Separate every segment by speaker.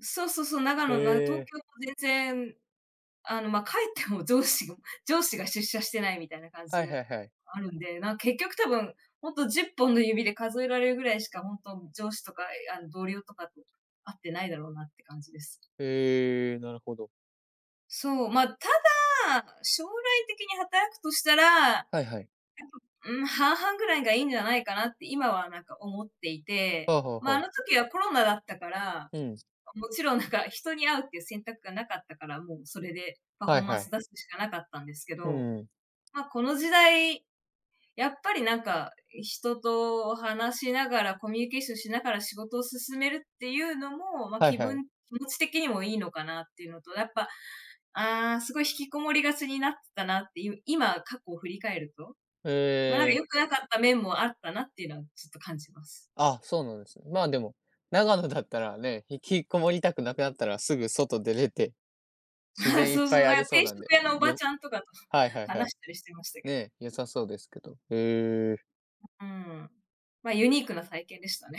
Speaker 1: そうそうそう、長
Speaker 2: へ
Speaker 1: 野なの。東
Speaker 2: え。
Speaker 1: 京も全然、あの、ま、帰っても上司が上司が出社してないみたいな感じ
Speaker 2: はいは
Speaker 1: る
Speaker 2: いはい。
Speaker 1: あるんで、なん、結局多分ほんと10本の指で数えられるぐらいしか、ほんと上司とか、ええ、あの、同僚とかと会ってないだろうなって感じです。
Speaker 2: へえ、なるほど。
Speaker 1: そう、ま、ただ、将来的に働くとしたら、やっぱ、
Speaker 2: はいはい。
Speaker 1: うーん、半々ぐらいがいいんじゃないかなって今は、なんか、思っていて、
Speaker 2: はあはあ
Speaker 1: ま、あ
Speaker 2: はあ。
Speaker 1: の時はコロナだったから、あ、
Speaker 2: うん。
Speaker 1: もちろん、なんか、人に会うっていう選択がなかったから、もうそれでパフ
Speaker 2: は
Speaker 1: ォ
Speaker 2: い
Speaker 1: ーマン
Speaker 2: は
Speaker 1: ス
Speaker 2: い。
Speaker 1: 出すしかなかったんですけ
Speaker 2: う
Speaker 1: ど。
Speaker 2: ーん。
Speaker 1: ま、この時代、やっぱり、なんか、い人と話しながら、コミュニケーションしながら仕事を進めるっていうのも、ま、
Speaker 2: はい
Speaker 1: 気
Speaker 2: はい。
Speaker 1: 分気持ち的にもいいのかなっていうのと、やっぱ「ああ、すごい引きこもりがちになってたな」っていう、今、過去を振り返ると、ま、
Speaker 2: へえ。
Speaker 1: 良くなかった面もあったなっていうのは、ちょっと感じます。
Speaker 2: あ、そうなんですね。ま、でも、長野だったらね、引きこもりたくなくなったら、すぐ外出れて。自
Speaker 1: ああ、
Speaker 2: 然いっ
Speaker 1: そうそ
Speaker 2: ぱい
Speaker 1: う、
Speaker 2: あ
Speaker 1: だか
Speaker 2: り
Speaker 1: ら
Speaker 2: そう
Speaker 1: 定
Speaker 2: なん
Speaker 1: 食
Speaker 2: で、
Speaker 1: 屋のおば
Speaker 2: よ
Speaker 1: ちゃんとかと
Speaker 2: はい-はいは
Speaker 1: 話
Speaker 2: い。
Speaker 1: したりしてましたけ
Speaker 2: ね
Speaker 1: ど。
Speaker 2: え、良さそうですけど。へえ。
Speaker 1: ううーん。ま、ユニークな体験でしたね。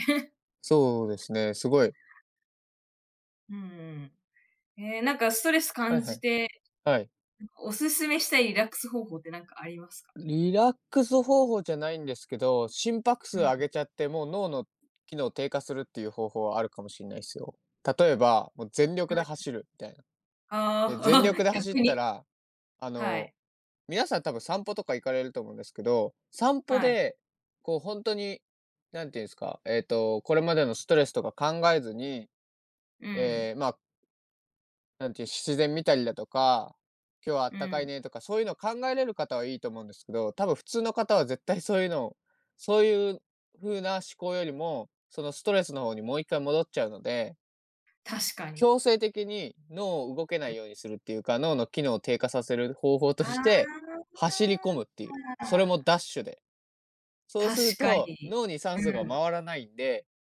Speaker 2: そうで すね、すごい。
Speaker 1: うーん。へえ、なんか、ストレス
Speaker 2: はい
Speaker 1: 感
Speaker 2: は
Speaker 1: じ
Speaker 2: い。
Speaker 1: て、
Speaker 2: はい。
Speaker 1: ん、お勧めしたいリラックス方法ってなんかありますか？
Speaker 2: リラックス方法じゃないんですけど、心拍
Speaker 1: う
Speaker 2: 数上
Speaker 1: ん。
Speaker 2: げちゃって、もう脳の機能低下するっていう方法はあるかもしんないっすよ。例えば、も、全力で
Speaker 1: [unintelligible]
Speaker 2: 走るみたいな。
Speaker 1: あ
Speaker 2: で、
Speaker 1: あ、
Speaker 2: 全力 で走っ
Speaker 1: 逆
Speaker 2: た
Speaker 1: に。
Speaker 2: ら、あ
Speaker 1: は
Speaker 2: の、
Speaker 1: い。
Speaker 2: 皆さん多分散歩とか行かれると思うんですけど、散歩
Speaker 1: はい。
Speaker 2: で、こう、ほんとに、何て言うんすか、ええと、これまでのストレスとか考えずに、
Speaker 1: うん。
Speaker 2: ええ、まあなんていう、し自然見たりだとか、「今日はあ
Speaker 1: う
Speaker 2: ったかい
Speaker 1: ん。
Speaker 2: ね」とか、そういうのを考えれる方はいいと思うんですけど、多分普通の方は絶対そういうのを、そういう風な思考よりも、そのストレスの方にもう一回戻っちゃうので
Speaker 1: 確かに。
Speaker 2: 強制的に脳を動けな
Speaker 1: うん。
Speaker 2: いようにするっていうか、脳の機能を低下させる方法と
Speaker 1: あ
Speaker 2: して、走り込むっていう、それも
Speaker 1: あ。
Speaker 2: ダッシュで。そう
Speaker 1: 確
Speaker 2: する
Speaker 1: か
Speaker 2: と、
Speaker 1: に。
Speaker 2: 脳に
Speaker 1: う
Speaker 2: 酸素が
Speaker 1: ん。
Speaker 2: 回らないんで